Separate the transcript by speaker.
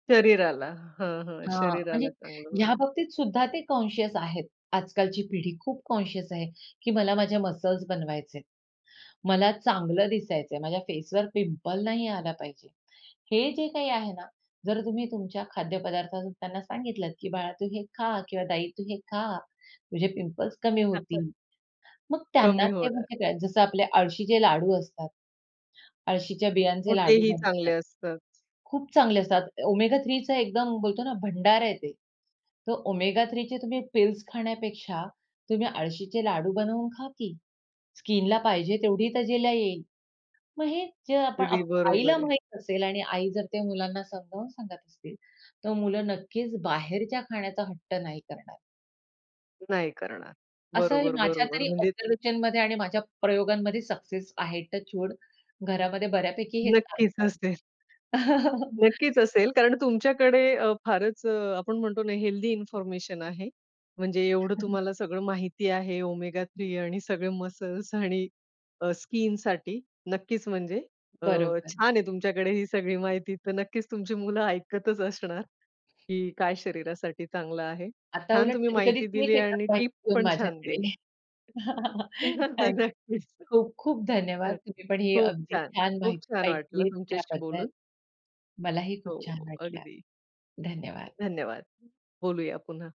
Speaker 1: शरीराला हां, हां.
Speaker 2: हां, म्हणजे
Speaker 1: शरीराला चांगलं
Speaker 2: ह्या
Speaker 1: होईल.
Speaker 2: बाबतीत सुद्धा ते कॉन्शियस आहेत. आजकालची पिढी खूप कॉन्शियस आहे, की मला माझ्या मसल्स बनवायचे आहेत. मला चांगलं दिसायचं आहे, माझ्या फेसवर पिंपल नाही आला पाहिजे. हे जे काही आहे ना, जर तुम्ही तुमच्या खाद्यपदार्थातून त्यांना सांगितलतं, की "बाळा तू हे खा किंवा ताई तू हे खा, तुझे पिंपल्स कमी
Speaker 1: असं.
Speaker 2: होतील." मग त्यांना
Speaker 1: कमी
Speaker 2: ते
Speaker 1: होणार.
Speaker 2: म्हणजे काय, जसं आपले आळशीचे लाडू असतात. आळशीच्या
Speaker 1: हो
Speaker 2: बियांचे लाडू
Speaker 1: तेही चांगले
Speaker 2: बनतात.
Speaker 1: असतात.
Speaker 2: खूप चांगले असतात, Omega-3चं एकदम बोलतो ना भंडार आहे ते. तर Omega-3 चे तुम्ही पिल्स खाण्यापेक्षा तुम्ही आळशीचे लाडू बनवून खा की. स्किनला पाहिजे तेवढी तजेला येईल. मग हे जे आपण
Speaker 1: अगदी
Speaker 2: आप आईला
Speaker 1: बरोबर आहे.
Speaker 2: माहित असेल आणि आई जर त्या मुलांना समजावून सांगत असतील, तर मुलं नक्कीच बाहेरच्या खाण्याचा हट्ट नाही करणार.
Speaker 1: नाही करणार.
Speaker 2: असंही
Speaker 1: बरोबर,
Speaker 2: माझ्या
Speaker 1: बरोबर
Speaker 2: तरी
Speaker 1: म्हणजे
Speaker 2: ऑब्झर्वेशनमध्ये आणि माझ्या प्रयोगांमध्ये सक्सेस आहे. Touch wood. घरामध्ये बऱ्यापैकी हे
Speaker 1: नक्कीच
Speaker 2: चालतं.
Speaker 1: असेल. नक्कीच असेल, कारण तुमच्याकडे अ, फारच अ, आपण म्हणतो ना हेल्थी इन्फॉर्मेशन आहे. म्हणजे एवढं तुम्हाला सगळं माहिती आहे Omega-3 आणि सगळे मसल्स आणि अ, स्किनसाठी, नक्कीच म्हणजे. अ,
Speaker 2: बरोबर.
Speaker 1: छान आहे तुमच्याकडे ही सगळी माहिती तर नक्कीच तुमची मुलं ऐकतच असणार, की काय शरीरासाठी चांगलं आहे.
Speaker 2: आता
Speaker 1: छान
Speaker 2: उलट
Speaker 1: तुम्ही
Speaker 2: कधी-कधी
Speaker 1: माहिती
Speaker 2: तेच
Speaker 1: दिली
Speaker 2: येतात
Speaker 1: आणि टिप
Speaker 2: माहिती घेऊन
Speaker 1: पण छान
Speaker 2: माझ्याकडे.
Speaker 1: दिल्या.
Speaker 2: थैंक्स.
Speaker 1: नक्कीच
Speaker 2: खूप-खूप
Speaker 1: हं,
Speaker 2: धन्यवाद! तुम्ही पण हे
Speaker 1: खूप
Speaker 2: अगदी
Speaker 1: छान.
Speaker 2: छान
Speaker 1: खूप
Speaker 2: माहिती
Speaker 1: छान वाटलं
Speaker 2: ऐकलीत
Speaker 1: तुमच्याशी
Speaker 2: त्याबद्दल.
Speaker 1: बोलून.
Speaker 2: मलाही खूप
Speaker 1: हो,
Speaker 2: छान
Speaker 1: हो.
Speaker 2: वाटलं.
Speaker 1: अगदी.
Speaker 2: धन्यवाद!
Speaker 1: धन्यवाद! बोलूया पुन्हा.